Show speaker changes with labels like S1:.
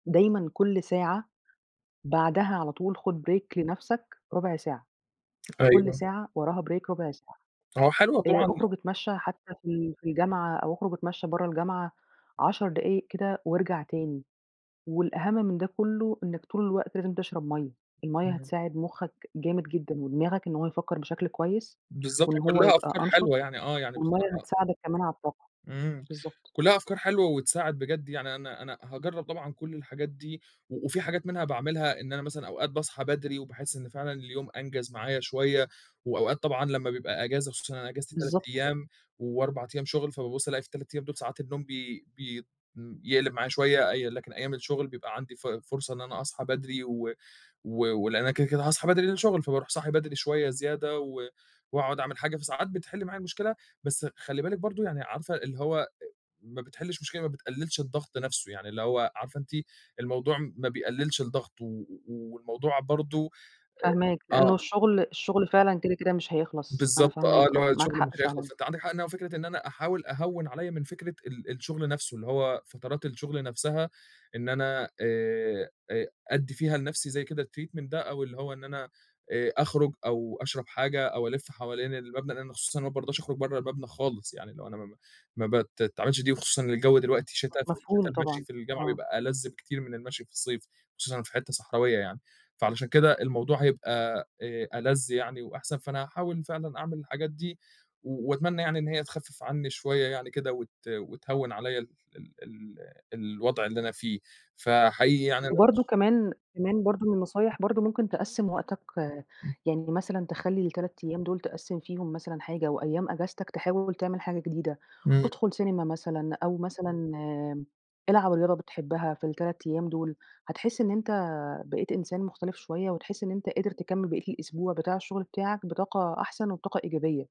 S1: دايمًا كلّ ساعة بعدها على طول خُد break لنفْسك رُبع ساعة، كلّ
S2: أيوه.
S1: ساعة وراها break رُبع ساعة
S2: آه، حلوة
S1: آآ،
S2: طبعًا
S1: أخرُج أتمشّى حتى في ال في الجامعة أو أخرُج أتمشّى برّه الجامعة 10 دقايق كده وارجَع تاني، والأهم من ده كلّه إنك طول الوقت لازم تشرَب مَيّة، المَيّة
S2: [unintelligible]
S1: هتساعد مُخّك جامد جدًا ودماغك إن هو يفكّر بشكل كويس
S2: بالضبط، هي
S1: وإن هو
S2: كلّها
S1: يبقى
S2: أفكار حلوة
S1: أنشَط
S2: يعني، آه يعني
S1: والمَيّه
S2: بصراحة
S1: هتساعدك كمان على الطاقة،
S2: إمم
S1: بالضبط.
S2: كلّها أفكار حلوة وتساعد، بجد يعني أنا أنا هاجرّب طبعًا كلّ الحاجات دي و وفي حاجات منها باعملها إن أنا مثلًا أوقات باصحى بدري وباحس إن فعلًا اليوم أنجز معايا شوية وأوقات طبعًا لمّا بيبقى أجازة خصوصًا إن أنا اجازتي 3
S1: بالضبط كده.
S2: أيام و4 أيام شُغل فبابُص ألاقي في ال3 أيام دول ساعات النوم بي بيت يقلِب معايا شوية، اي لكن أيام الشغل بيبقى عَندي ف فرصة إن أنا أصحى بدري و و ولأن أنا كده، كده هاصحى بدري لأن ده شُغل فبارُوح صاحي بدري شوية زيادة و وأقعُد أعمل حاجة، فساعات بتحِل معايا المشكلة، بس خلّي بالِك برضه، يعني عارفة اللي هو أ ما بتحلّش مشكلة، ما بتقلّلش الضغط نفْسه يعني، اللي هو عارفة أنتِ الموضوع ما بيقلّلش الضغط و والموضوع برضه
S1: فاهماك،
S2: أ آه.
S1: لأنه الشغل الشغل فعلًا كده، كده مش هيخلَص، أنا
S2: بالضبط
S1: فاهماك
S2: آه، اللي هو
S1: آه، معاك
S2: الشغل
S1: حق
S2: مش هيخلَص
S1: فعلًا.
S2: أنتِ عَندِك حق إنها فكرة إن أنا أحاول أهوّن عليَّ من فكرة ال الشغل نفْسه، اللي هو فترات الشغل نفْسها إن أنا آآ آآ أدّي فيها لنفْسي زي كده الtreatment ده أو اللي هو إن أنا آآ، أخرُج أو أشرَب حاجة أو ألِف حوالين المبنى لأن خصوصًا ما بارضاش أخرُج برّه المبنى خالص، يعني لو أنا ما ما بتتعملش دي وخصوصًا الجو دلوقتي شِتا ففي الشِّتا
S1: مفهوم
S2: المشي
S1: طبعًا،
S2: في الجامعة
S1: آه.
S2: بيبقى ألَذ بكتير من المشي في الصيف وخصوصًا في حِتّه صحراوية يعني، فعلشان كده الموضوع هيبقى آآ ألَذ يعني وأحسن، فأنا هاحاول فعلًا أعمِل الحاجات دي و وأتمنّى يعني إن هي تخفِّف عنّي شوية يعني كده وت وتهوّن عليَّ ال ال ال الوضْع اللي أنا فيه، فحقيقي يعني أنا باش
S1: وبرضه كمان كمان برضه من النصايح برضه ممكن تقسّم وقتك، يعني مثلًا تخلّي ال3 أيام دول تقسّم فيهم مثلًا حاجة وأيام أجازتك تحاول تعمل حاجة جديدة،
S2: إمم.
S1: ادخُل سينما مثلًا أو مثلًا آمم، العب رياضة بتحبها في ال3 أيام دول هتحس إن أنت بقيت إنسان مختلِف شوية، وتحس إن أنت قادر تكمّل بقيّة الأسبوع بتاع الشغل بتاعك بطاقة أحسن وبطاقة إيجابية.